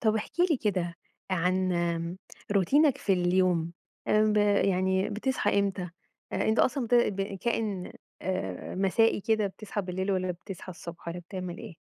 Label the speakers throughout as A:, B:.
A: طب احكِ لي كده عن، آمم، روتينك في اليوم، آمم، ب يعني بتصحى إمتى؟ أنت أصلًا بت ب كائن، آآ، مسائي كده، بتصحى بالليل والّا بتصحى الصبح والّا بتعمل إيه؟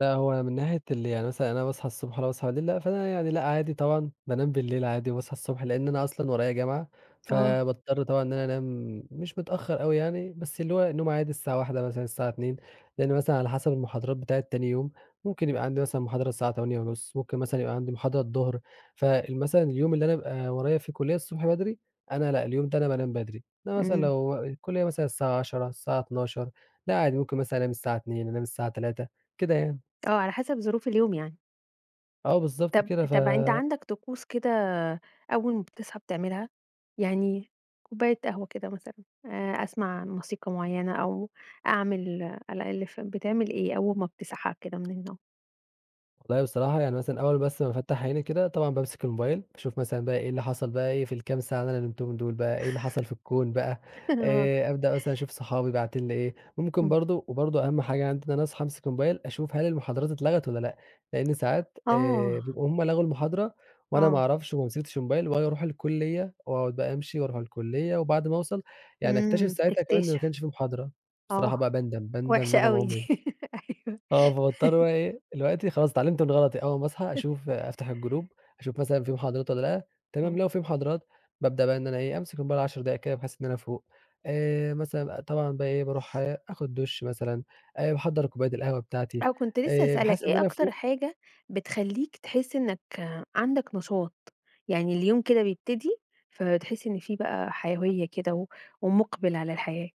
B: لأ هو من ناحية اللي يعني مثلًا أنا باصحى الصبح والّا باصحى بالليل، فأنا يعني لأ عادي طبعًا، بانام بالليل عادي وباصحى الصبح؛ لأن أنا أصلًا ورايا جامعة،
A: آه.
B: فباضطر طبعًا إن أنا أنام مش متأخر أوي يعني، بس اللي هو نوم عادي الساعة 01:00 مثلًا الساعة 02:00، لأن مثلًا على حسب المحاضرات بتاعة تاني يوم، ممكن يبقى عندي مثلًا محاضرة الساعة 08:30 ممكن مثلًا يبقى عندي محاضرة الضهر. فال مثلًا اليوم اللي أنا بابقى ورايا فيه كلية الصبح بدري، أنا لأ اليوم ده أنا بانام بدري، إنما مثلًا
A: امم.
B: لو الكلية مثلًا الساعة 10:00 الساعة 12:00 لأ عادي ممكن مثلًا أنام الساعة 02:00 أنام الساعة 03:00 كده يعني.
A: آه، على حسب ظروف اليوم يعني.
B: آه بالضبط
A: طَب
B: كده، ف
A: طَب أنت عندك طقوس كده أول ما بتصحى بتعملها؟ يعني كوباية قهوة كده مثلًا، آآ، أسمع موسيقى معينة، أو أعمل ألاقي في ال بتعمل إيه أول ما بتصحى كده من النوم؟
B: والله بصراحة يعني مثلًا أول بس ما أفتح عيني كده، طبعًا بامسك الMobile باشوف مثلًا بقى إيه اللي حصل بقى إيه، في الكام ساعة اللي أنا نمتهم دول بقى، إيه اللي حصل في الكون بقى.
A: آه.
B: آآ، أبدأ مثلًا أشوف صحابي باعتين لي إيه، ممكن
A: امم.
B: برضه وبرضه أهم حاجة عندي إن أنا أصحى أمسك الMobile أشوف هل المحاضرات اتلغت والّا لأ، لأن ساعات، آآ،
A: آه.
B: بيبقوا هُم لغوا المحاضرة، وأنا ما
A: آه.
B: أعرفش وما مسكتش الMobile وآجي أرُوح الكلية وأقعد بقى أمشي وأرُوح الكلية وبعد ما أوصل، يعني أكتشف
A: امم،
B: ساعتها كمان إن ما
A: تكتشف،
B: كانش في محاضرة. بصراحة
A: آه.
B: بقى باندم، باندم
A: وحشة
B: ندم
A: أوي دي،
B: عمري.
A: أيوه.
B: آه فباضطر بقى إيه، دلوقتي خلاص اتعلمت من غلطي، أول ما أصحى أشوف أفتح الGroup أشوف مثلًا في محاضرات والّا لأ، تمام،
A: امم.
B: لو في محاضرات بابدأ بقى إن أنا إيه، أمسك الmobile 10 دقايق كده، بحيث إن أنا أفوق. آآ، مثلًا أ طبعًا بقى إيه، بارُوح آخد دش مثلًا، آآ، باحضّر كوباية القهوة بتاعتي،
A: آه، وكنت لسه
B: آآ،
A: هاسألك،
B: بحيث إن
A: إيه
B: أنا
A: أكتر
B: أفوق
A: حاجة بتخلّيك تحس إنك عندك نشاط، يعني اليوم كده بيبتدي فبتحس إن في بقى حيوية كده و ومقبل على الحياة؟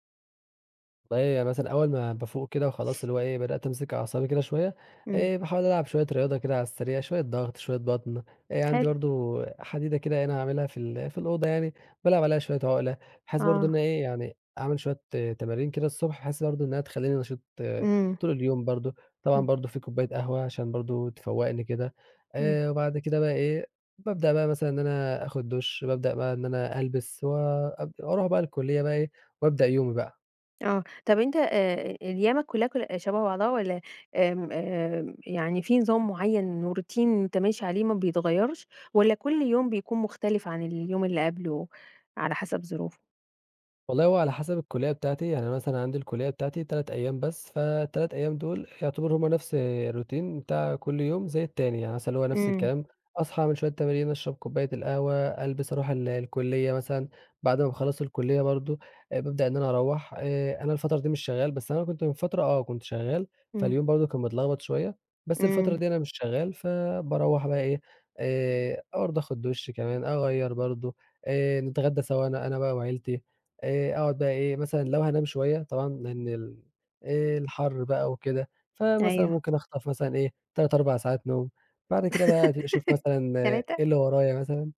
B: والله يعني مثلًا أوّل ما بافوق كده وخلاص اللي هو إيه بدأت أمسك أعصابي كده شويّة،
A: امم.
B: آآ، باحاول ألعب شويّة رياضة كده على السريع، شويّة ضغط، شويّة بطن. آآ عندي
A: حلو.
B: برضو حديدة كده هِنا عاملها في ال في الأوضة يعني بالعب عليها شويّة عُقلة، بحيث برضو
A: آه.
B: إنّه إيه يعني أعمل شويّة تمارين كده الصبح بحيث برضو إنّها تخلّيني نشيط
A: امم.
B: طول اليوم برضو. طبعًا
A: امم.
B: برضو في كوباية قهوة عشان برضو تفوّقني كده.
A: امم.
B: آآ، وبعد كده بقى إيه، بابدأ بقى مثلًا إن أنا آخد دُش، بابدأ بقى إن أنا ألبس، وأب أروح بقى الكُلّية بقى إيه وأبدأ يومي بقى.
A: آه طب أنت آآ، أيامك كُلّها كُلّ شبه بعضها؟ والّا آمم آآ، يعني في نظام معيّن و routine أنت ماشي عليه ما بيتغيرش؟ والّا كل يوم بيكون مختلف عن اليوم اللي قَبلُه على حسب ظروفه؟
B: والله هو على حسب الكُلّية بتاعتي. يعني مثلًا عندي الكُلّية بتاعتي 3 أيام بس، فال3 أيام دوْل يُعتَبروا هُم نفس الroutine بتاع كل يوم زي التاني. يعني مثلًا اللي هو نفس
A: امم.
B: الكلام أصحى اعمل شويّة تمارين، أشرب كباية القهوة، ألبس، أروح ال الكُلّية مثلًا. بعد ما باخلص الكُلّية برضو بابدأ إن أنا أروّح. آآ، أنا الفترة دي مش شغال، بس أنا كنت من فترة آه كنت شغال،
A: امم.
B: فاليوم برضو كان متلخبط شويّة، بس الفترة
A: امم.
B: دي أنا مش شغال فباروّح بقى إيه آآ، برضو آخد دُش كمان، أغيّر برضو آآ، نتغدى سوا أنا أنا بقى وعيلتي آآ، أَقعد بقى إيه مثلًا لو هانام شويّة طبعًا لأن ال الحَر بقى وكده، فمثلًا
A: أيوه.
B: ممكن أخطف مثلًا إيه 3 4 ساعات نوم، بعد كده بقى أبتدي أشوف مثلًا
A: 3!
B: إيه اللي ورايا مثلًا.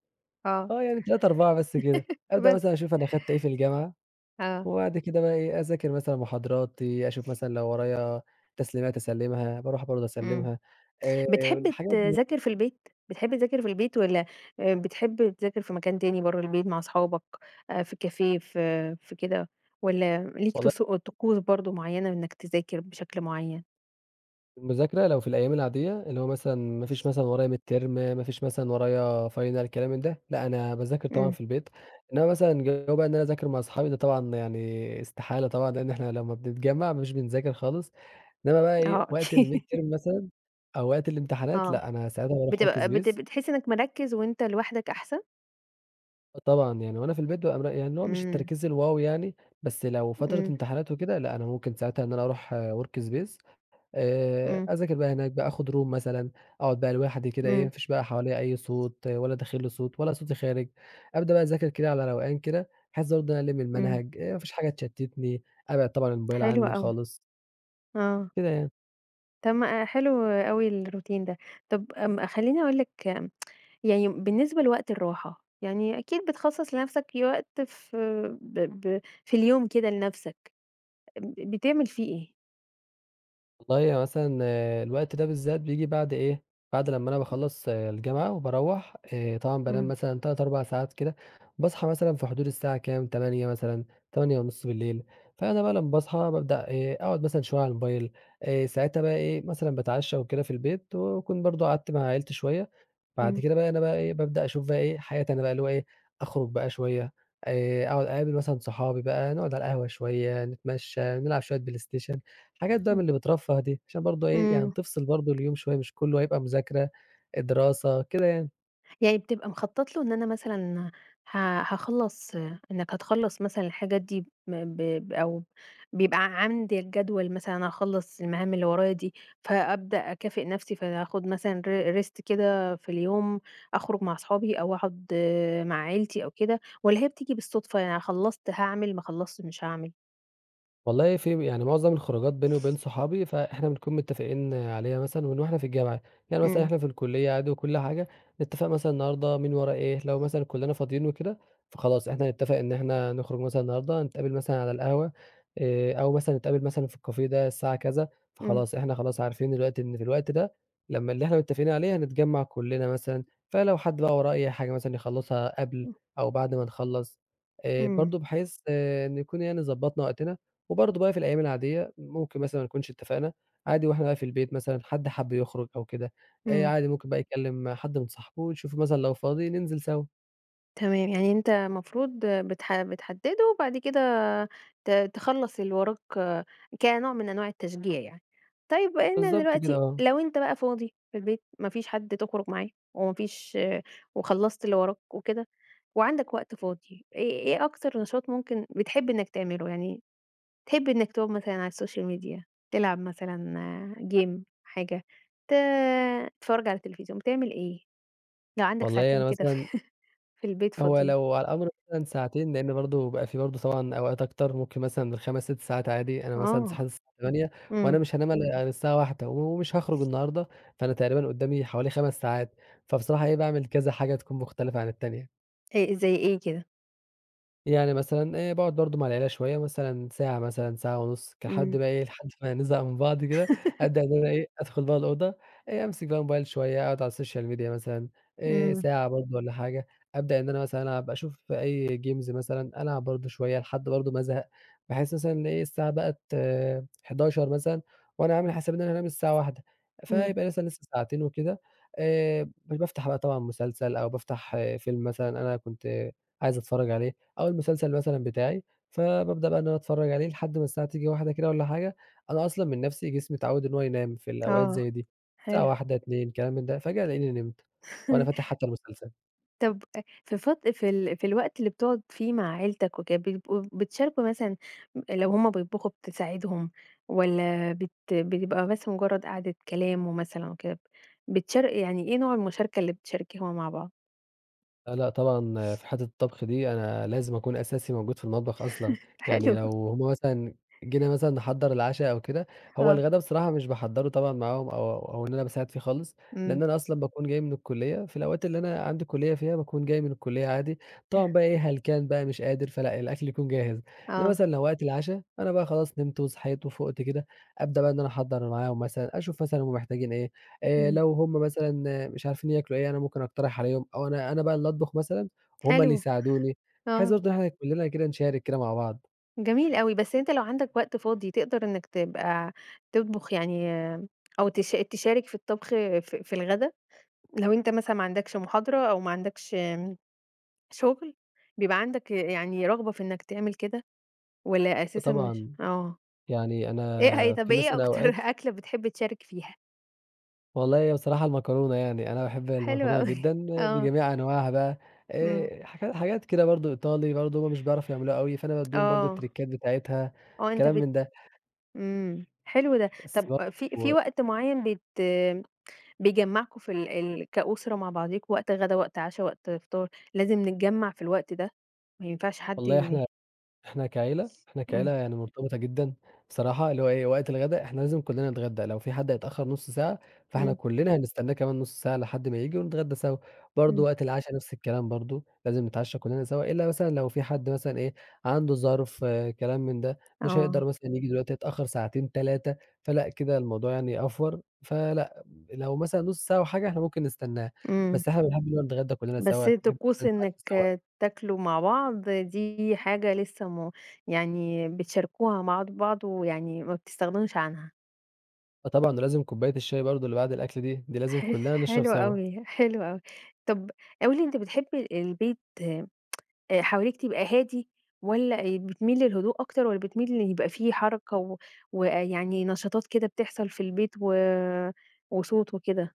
A: آه.
B: آه يعني 3 4 بس كده. أبدأ
A: وبس!
B: مثلًا أشوف أنا أخدت إيه في الجامعة،
A: آه.
B: وبعد كده بقى إيه أذاكر مثلًا محاضراتي، أشوف مثلًا لو ورايا تسليمات أسلِّمها، باروح برضو
A: امم.
B: أسلِّمها آآ
A: بتحب
B: الحاجات دي يع
A: تِذاكر في البيت؟ بتحب تِذاكر في البيت والّا آآ بتحب تِذاكر في مكان تاني برّه البيت مع أصحابك، آآ في café ف في كده؟ والّا ليك
B: والله
A: طسو طقوس برضو معيّنة إنك تِذاكر بشكل معيّن؟
B: المذاكرة لو في الأيام العادية اللي هو مثلًا ما فيش مثلًا ورايا midterm ما فيش مثلًا ورايا final الكلام من ده، لأ أنا باذاكر طبعًا
A: امم.
B: في البيت. إنما مثلًا جو بقى إن أنا أذاكر مع صحابي ده طبعًا يعني استحالة طبعًا لأن إحنا لمّا بنتجمع مش بنذاكر خالص، إنما بقى إيه
A: آه
B: وقت
A: أكيد.
B: الmidterm مثلًا أو وقت الامتحانات،
A: آه،
B: لأ أنا ساعتها باروح
A: بتبقى بت
B: workspace
A: بتحس إنك مركِّز وأنت لوحدك أحسن؟
B: آه طبعًا، يعني وأنا في البيت بابقى مر يعني اللي هو مش
A: امم.
B: التركيز الwow يعني بس لو فترة
A: امم.
B: امتحانات وكده لأ أنا ممكن ساعتها إن أنا أروح workspace آآ
A: امم.
B: أذاكر بقى هناك بقى، آخد room مثلًا أقعد بقى لوحدي كده إيه ما
A: امم.
B: فيش بقى حواليَّ أي صوت، ولا داخل لي صوت ولا صوتي خارج. أبدأ بقى أذاكر كده على روقان كده بحيث برضه إن أنا ألِم
A: امم.
B: المنهج، آآ ما فيش حاجة تشتتني، أبعِّد طبعًا الموبايل
A: حلو
B: عني
A: أوي.
B: خالص.
A: آه
B: كده يعني.
A: طب ما حلو أوي الroutine ده. طب م خلّيني أقول لك يعني بالنسبة لوقت الراحة، يعني أكيد بتخصص لنفسك وقت ف ب ب في اليوم كده لنفسك، ب بتعمل فيه إيه؟
B: والله هو مثلًا الوقت ده بالذات بييجي بعد إيه بعد لمّا أنا باخلّص الجامعة وباروّح، آآ طبعًا بانام
A: امم.
B: مثلًا 3، 4 ساعات كده، باصحى مثلًا في حدود الساعة كام؟ 20:00 مثلًا، 20:30. فأنا بقى لمّا باصحى بابدأ إيه أقعد مثلًا شوية على الموبايل آآ ساعتها بقى إيه مثلًا باتعشى وكده في البيت وأكون برضه قعدت مع عيلتي شوية بعد
A: امم.
B: كده بقى أنا بقى إيه بابدأ أشوف بقى إيه حياتي أنا بقى اللي هو إيه أخرج بقى شوية، آآ أقعد أقابل مثلًا صحابي بقى نقعد على القهوة شوية، نتمشى، نلعب شوية بلايستيشن، حاجات بقى من
A: امم.
B: اللي بترفه دي عشان برضه إيه يعني
A: امم.
B: تفصل برضه اليوم شوية مش كلّه هيبقى مذاكرة، دراسة كده يعني.
A: يعني بتبقى مخطّط له إن أنا مثلًا ها هاخلّص إنك هتخلّص مثلًا الحاجات دي م ب ب أو بيبقى عندك جدول مثلًا أخلّص المهام اللي ورايا دي، فأبدأ أكافئ نفسي فهاخُد مثلًا ر ر Rest كده في اليوم، أخرُج مع صحابي أو أقعد مع عيلتي أو كده، والّا هي بتيجي بالصُدفة، يعني خلّصت هاعمل، ما خلّصتش مش هاعمل؟
B: والله في يعني مُعظم الخروجات بيني وبين صحابي، فإحنا بنكون متّفقين عليها مثلًا من وإحنا في الجامعة، يعني مثلًا
A: إمم.
B: إحنا في الكُلّيّة عادي وكُلّ حاجة، نتّفق مثلًا النهارده مين وراه إيه، لو مثلًا كُلّنا فاضيّين وكده، فخلاص إحنا نتّفق إن إحنا نخرج مثلًا النهارده، هنتقابل مثلًا على القهوة، آآ أو مثلًا نتقابل مثلًا في الكافيه ده الساعة كذا،
A: إمم.
B: فخلاص إحنا خلاص عارفين دلوقتي إن في الوقت ده لمّا اللي إحنا متّفقين عليه هنتجمع كُلّنا مثلًا، فلو حد بقى وراه أي حاجة مثلًا يخلصها قبل
A: إمم.
B: أو بعد ما نخلص، آآ
A: إمم.
B: برضه بحيث آآ نكون يعني ضبطنا وقتنا، وبرضه بقى في الأيام العاديّة، ممكن مثلًا ما نكونش اتفقنا، عادي وإحنا بقى في البيت مثلًا حد حب يخرج أو كده، آآ
A: إمم.
B: عادي ممكن بقى يكلِّم حد من صاحبُه يشُوفُه مثلًا لو فاضي ننزل سوا.
A: تمام. يعني أنت مفروض بتح بتحدده وبعد كده ت تخلّص اللي وراك كنوع من أنواع التشجيع يعني. طيّب وأنت
B: بالضبط كده
A: دلوقتي
B: آه.
A: لو أنت بقى فاضي في البيت، ما فيش حد تخرج معاه، وما فيش وخلّصت اللي وراك وكده، وعندك وقت فاضي، إيه إيه أكتر نشاط ممكن بتحب إنّك تعمله، يعني تحب إنّك تقعد مثلًا على الsocial media، تلعب مثلًا آآ game، حاجة، ت تتفرّج على التلفزيون، بتعمل إيه، لو عندك
B: والله
A: ساعتين
B: أنا
A: كده
B: مثلًا
A: في البيت
B: هو
A: فاضيين؟
B: لو على الأمر مثلًا ساعتين، لأن برضو بقى في برضو طبعًا أوقات أكتر، ممكن مثلًا بال5 6 ساعات عادي. أنا مثلًا
A: آه،
B: صحيت الساعة 20:00 وأنا
A: امم.
B: مش هانام إلا الساعة 01:00، ومش هاخرج النهارده، فأنا تقريبًا قدّامي حوالي 5 ساعات، فبصراحة إيه باعمل كذا حاجة تكون مختلفة عن التانية.
A: أ زي إيه كده؟
B: يعني مثلًا آآ، باقعد برضو مع العيلة شويّة، مثلًا ساعة مثلًا ساعة ونُص كحد
A: امم.
B: بقى إيه لحد ما نزهق من بعض كده، أبدأ إن أنا إيه أدخل بقى الأوضة، آآ، أمسك بقى الموبايل شويّة، أقعد على الsocial media مثلًا آآ،
A: امم.
B: ساعة برضو والّا حاجة، أبدأ إن أنا مثلًا ألعب، أشوف أي games مثلًا ألعب برضو شويّة لحد برضو ما ازهق، بحيث مثلًا الساعة بقت، 23:00 مثلًا وأنا عامل حسابي إن أنا أنام الساعة 01:00،
A: امم.
B: فيبقى لسه لسه ساعتين وكده. آآ، ب بافتح بقى طبعًا مسلسل أو بافتح فيلم مثلًا أنا كنت عايز أتفرّج عليه أو المسلسل مثلًا بتاعي، فبابدأ بقى إن أنا أتفرّج عليه لحد ما الساعة تيجي 01:00 كده والّا حاجة. أنا أصلًا من نَفسي جسمي اتعوّد إنّ هو ينام في الأوقات
A: آه،
B: زي دي، الساعة
A: حلو.
B: 01:00 02:00 كلام من ده، فجأة ألاقيني نمت، وأنا فاتح حتّى المسلسل.
A: طب أ في فت في ال في الوقت اللي بتُقعد فيه مع عيلتك وكده، بتبقوا بتشاركوا مثلًا م لو همُ بيطبُخوا بتساعدهم، والّا بت بيبقى بس مُجرَّد قعدة كلام ومثلًا وكده، بتشار يعني إيه نوع المُشاركة اللي بتشاركها مع بعض؟
B: لأ، لأ، طبعًا في حِتّة الطّبخ دي أنا لازم أكون أساسي موجود في المطبخ أصلًا، يعني
A: حلو.
B: لو هُم مثلًا جينا مثلًا نِحَضّر العشا أو كده، هو
A: آه.
B: الغدا بصراحة مش باحضّرُه طبعًا معاهم، أو أو إن أنا باساعد فيه خالص، لإن
A: امم.
B: أنا أصلًا باكون جاي من الكُلِّيّة في الأوقات اللي أنا عندي كُلِّيّة فيها باكون جاي من الكُلِّيّة عادي،
A: ته
B: طبعًا بقى إيه هلكان بقى مش قادر، فلأ، الأكل يكون جاهز، إنما
A: آه.
B: مثلًا لو وقت العشا أنا بقى خلاص نمت وصحيت وفُقت كده، أبدأ بقى إن أنا أحضّر معاهم مثلًا، أشوف مثلًا هُم محتاجين إيه، آآ
A: امم.
B: لو هُم مثلًا مش عارفين ياكلوا إيه أنا ممكن أقترح عليهم، أو أنا أنا بقى اللي أطبُخ مثلًا، وهُم اللي
A: حلو،
B: يساعدوني، بحيث
A: آه.
B: برضه إن إحنا كُلّنا كده نشارك كده مع بعض.
A: جميل أوي، بس أنت لو عندك وقت فاضي، تقدر إنّك تبقى تطبخ يعني أو تش تشارك في الطّبخ في في الغدا؟ لو أنت مثلًا ما عندكش مُحاضرة، أو ما عندكش امم شُغل، بيبقى عندك يعني رغبة في إنّك تعمل كده، والّا
B: آه
A: أساسًا مش
B: طبعًا،
A: آه.
B: يعني
A: إيه
B: أنا
A: هيت طب
B: في
A: إيه
B: مثلًا
A: أكتر
B: أوقات
A: أكلة بتحب تشارك فيها؟
B: والله هي بصراحة المكرونة يعني. أنا باحب
A: حلو
B: المكرونة
A: أوي
B: جدًا
A: آه.
B: بجميع أنواعها بقى
A: امم.
B: آآ، حاجات حاجات كده برضه إيطالي برضو هُم مش بيعرفوا يعملوها أوي فأنا بادّيهم برضه
A: آه.
B: التريكات بتاعتها،
A: آه، أنت
B: كلام
A: بت
B: من ده.
A: امم. حلو ده،
B: بس
A: طب في في
B: برضه
A: وقت معيّن بت بيجمعكم في ال ال كأسرة مع بعضيكم، وقت غدا، وقت عشا، وقت فطار، لازم نتجمع في الوقت ده؟ ما ينفعش حد
B: والله
A: يم
B: إحنا إحنا كعيلة إحنا كعيلة
A: امم.
B: يعني مرتبطة جدًا، بصراحة اللي هو إيه وقت الغدا إحنا لازم كلّنا نتغدى، لو في حد هيتأخر نص ساعة فإحنا
A: امم.
B: كلّنا هنستناه كمان نص ساعة لحد ما ييجي ونتغدى سوا. برضه
A: امم.
B: وقت العشا نفس الكلام برضه لازم نتعشى كلّنا سوا، إلا مثلًا لو في حد مثلًا إيه عنده ظرف، كلام من ده، مش
A: آه.
B: هيقدر مثلًا ييجي دلوقتي هيتأخر ساعتين 3، فلأ كده الموضوع يعني أڨور فلأ، لو مثلًا نص ساعة أو حاجة إحنا ممكن نستناه.
A: امم.
B: بس إحنا بنحب إننا نتغدا كلّنا سوا،
A: بس
B: نحب
A: طقوس
B: مثلًا نتعشى
A: إنك
B: سوا.
A: تاكلوا مع بعض دي حاجة لسه م يعني بتشاركوها مع ض بعض ويعني ما بتستغنوش عنها.
B: آه طبعًا ده لازم كباية الشاي برضه اللي بعد الأكل دي. دي لازم
A: ح
B: كلّنا نشرب
A: حلو
B: سوا.
A: أوي، حلو أوي. طب قُل لي أنت بتحب البيت آآ حواليك تبقى هادي والّا أ بتميل للهدوء أكتر والّا بتميل إن يبقى في حركة و ويعني نشاطات كده بتحصل في البيت و وصوت وكده؟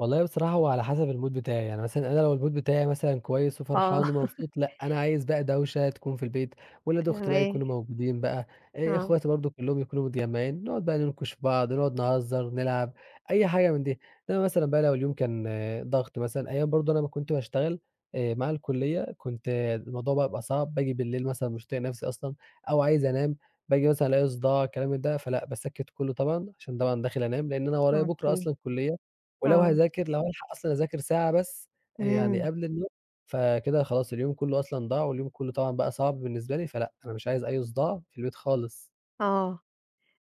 B: والله بصراحة هو على حسب الMood بتاعي، يعني مثلًا أنا لو الMood بتاعي مثلًا كُويّس
A: آه.
B: وفرحان ومبسُوط، لأ، أنا عايز بقى دوشة تكون في البيت، ولاد أُختي بقى
A: تمام.
B: يكونوا موجودين بقى، آآ
A: آه.
B: إخواتي برضه كُلّهم يكونوا متجمّعين، نقعُد بقى نِنكُش في بعض، نقعُد نهزَّر ونلعب أي حاجة من دي، إنّما مثلًا بقى لو اليوم كان ضغط مثلًا، أيام برضه أنا ما كنت باشتغل آآ مع الكُلِّيّة، كنت الموضوع بقى بيبقى صعب، باجي بالليل مثلًا مش طايق نفسي أصلًا، أو عايز أنام، باجي مثلًا ألاقي صُداع الكلام من ده فلأ، باسكِّت كُلّه طبعًا، عشان طبعًا داخل أنام، لإن أنا ورايا بُكرة
A: أوكي،
B: أصلًا كُلِّيَّة، ولو
A: آه.
B: هاذاكر لو هالحق أصلًا أذاكر ساعة بس، يعني
A: امم.
B: قبل النوم فكده خلاص اليوم كُلّه أصلًا ضاع، واليوم كُلّه طبعًا بقى صعب بالنسبة لي فلأ، أنا مش عايز أي صُداع في البيت خالص.
A: آه،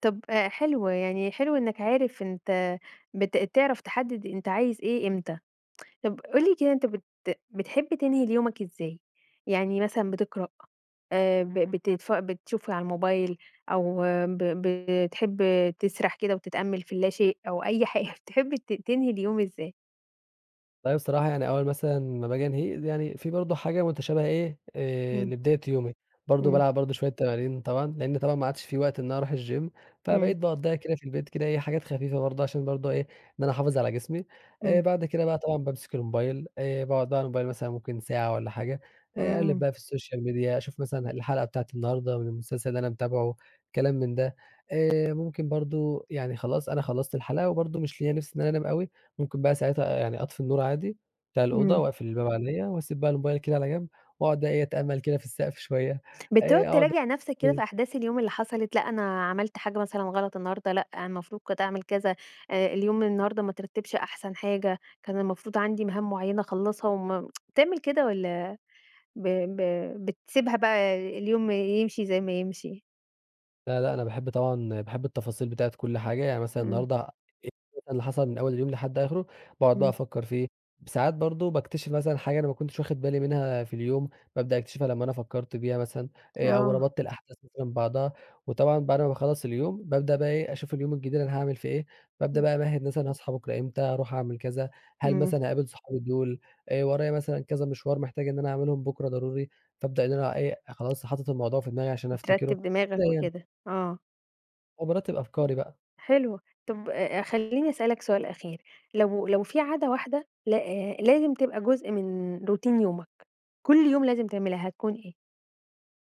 A: طب آآ حلو، يعني حلو إنّك عارف أنت بت تعرف تحدِّد أنت عايز إيه إمتى، طب قُل لي كده أنت بت بتحب تنهي اليومك إزاي؟ يعني مثلًا بتقرأ، آآ ب بتتـف بتشوف على الموبايل، أو ب ب بتحب تِسرَح كده وتتأمّل في اللا شيء، أو أي حاجة بتحب ت تنهي اليوم إزاي؟
B: أيوه بصراحة يعني أول مثلًا ما باجي أنهيه، يعني في برضه حاجة مُتشابهة إيه آآ
A: إمم.
B: لبداية يومي، برضه
A: إمم.
B: بالعب برضه شوية تمارين طبعًا، لإن طبعًا ما عادش في وقت إن أنا أروح الGym
A: إمم.
B: فبقيت باقضيها كده في البيت كده إيه حاجات خفيفة برضه، عشان برضه إيه إن أنا أحافظ على جسمي، آآ
A: إمم.
B: بعد كده بقى طبعًا بامسك الموبايل، آآ باقعد بقي على الموبايل مثلًا ممكن ساعة والَّا حاجة، آآ أقلِّب
A: إمم.
B: بقي في الSocial Media أشوف مثلًا الحلقة بتاعة النهارده من المسلسل اللي أنا متابعُه كلام من ده، آآ ممكن برضه يعني خلاص أنا خلّصت الحلقة، وبرضه مش ليا نفس إن أنا أنام أوي، ممكن بقى ساعتها يعني أطفي النُّور عادي بتاع الأوضة،
A: إمم.
B: وأقفِل الباب علَيّا، وأسيب بقي الموبايل كده على جَنب، وأقعُد بقي إيه أتأمل كده في السقف شوية،
A: بتقعُد
B: آآ أقعُد
A: تراجِع نَفسَك
B: [unintelligible]
A: كده
B: إمم.
A: في أحداث اليوم اللي حصلت؟ لأ، أنا عَملت حاجة مثلًا غلط النهارده، لأ، المفروض كنت أعمل كذا، آآ اليوم النهارده ما اترَتِّبش أحسن حاجة، كان المفروض عندي مهام مُعيّنة أخلَّصها، وم بتعمل كده والّا ب ب بتسيبها بقى اليوم يمشي زي ما يمشي؟
B: لأ، لأ، أنا باحب طبعًا باحب التفاصيل بتاعة كُلّ حاجة، يعني مثلًا
A: إمم.
B: النهارده إيه بقي اللي حصل من أول اليوم لحد آخرُه، باقعُد بقى
A: إمم.
B: أفكّر فيه، ساعات برضه باكتشف مثلًا حاجة أنا ما كنتش واخد بالي منها في اليوم، بابدأ أكتشفها لمّا أنا فكرت فيها مثلًا، آآ أو
A: آه.
B: ربطت الأحداث مثلًا ببعضها، وطبعًا بعد ما باخلّص اليوم ببدأ بقي إيه أشوف اليوم الجديد أنا هاعمل فيه إيه، بابدأ
A: إمم.
B: بقى أمَهِّد مثلًا هاصحى بكرة إمتى، هاروح أعمل كذا، هل
A: إمم.
B: مثلًا هاقابل صحابي دُول؟ آآ ورايا مثلًا كذا مِشوَار محتاج إن أنا أعملهم بكرة ضروري، فابدأ إن أنا إيه خلاص حاطط الموضوع في دماغي عشان
A: و
B: أفتِكرُه،
A: ترتب
B: كده
A: دماغَك
B: يعني.
A: وكده، آه.
B: وبارتب أفكاري بقى.
A: حلوة. طب آآ خلّيني أسألك سؤال أخير. لو لو في عادة واحدة ل آآ لازم تبقى جزء من routine يومك، كُل يوم لازم تعملها، هتكون إيه؟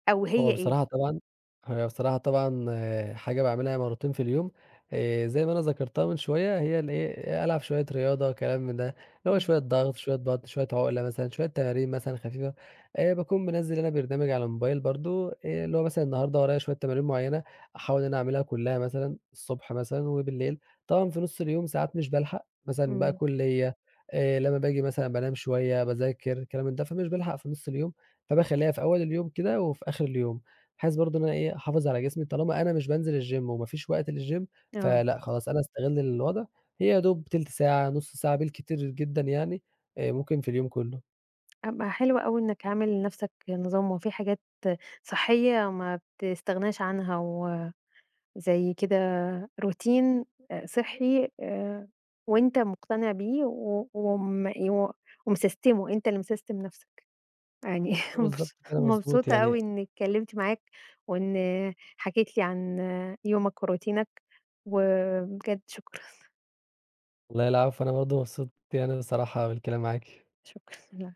A: أو هي
B: هو
A: إيه؟
B: بصراحة طبعًا هو بصراحة طبعًا حاجة باعملها مرتين في اليوم آآ زي ما أنا ذكرتها من شوية هي الإيه ألعب شوية رياضة، كلام من ده، اللي هو
A: امم.
B: شوية ضغط، شوية بطن، شوية عقلة مثلًا، شوية تمارين مثلًا خفيفة، آآ باكون منزِّل أنا برنامج على الموبايل برضه آآ اللي هو مثلًا النهاردة ورايا شوية تمارين معيّنة أحاول إن أنا أعملها كلّها مثلًا، الصبح مثلًا وبالليل. طبعًا في نُص اليوم ساعات مش بالحق مثلًا بقى
A: امم.
B: كُلية، آآ لمّا باجي مثلًا بانام شوية، باذاكر، كلام ده، فمش بالحق في نص اليوم فباخلّيها في أول اليوم كده وفي آخر اليوم بحيث برضه إن أنا إيه أحافظ على جسمي طالما أنا مش بانزل الgym وما فيش وقت للgym
A: آه.
B: فلأ خلاص أنا أستغل الوضع، هي يا دوب تِلت ساعة، نص ساعة بالكتير جدًا يعني آآ ممكن في اليوم كلّه.
A: أبقى حلو أوي إنك عامل لنفسك نظام وفي حاجات صحّية ما بتستغناش عنها وزي كده routine آآ صحّي آآ وأنت مقتنع بيه و وم ي و ومسستِمُه أنت اللي مسستِم نفسك. يعني
B: بالضبط
A: مبس
B: كده مضبوط
A: مبسوطة
B: يعني
A: أوي إني اتكلمت معاك، وإن حكيت لي عن يومك وروتينك وبجد شكرًا.
B: والله العفو أنا برضه مبسوط يعني بصراحة بالكلام معاكِ.
A: شكرًا، الع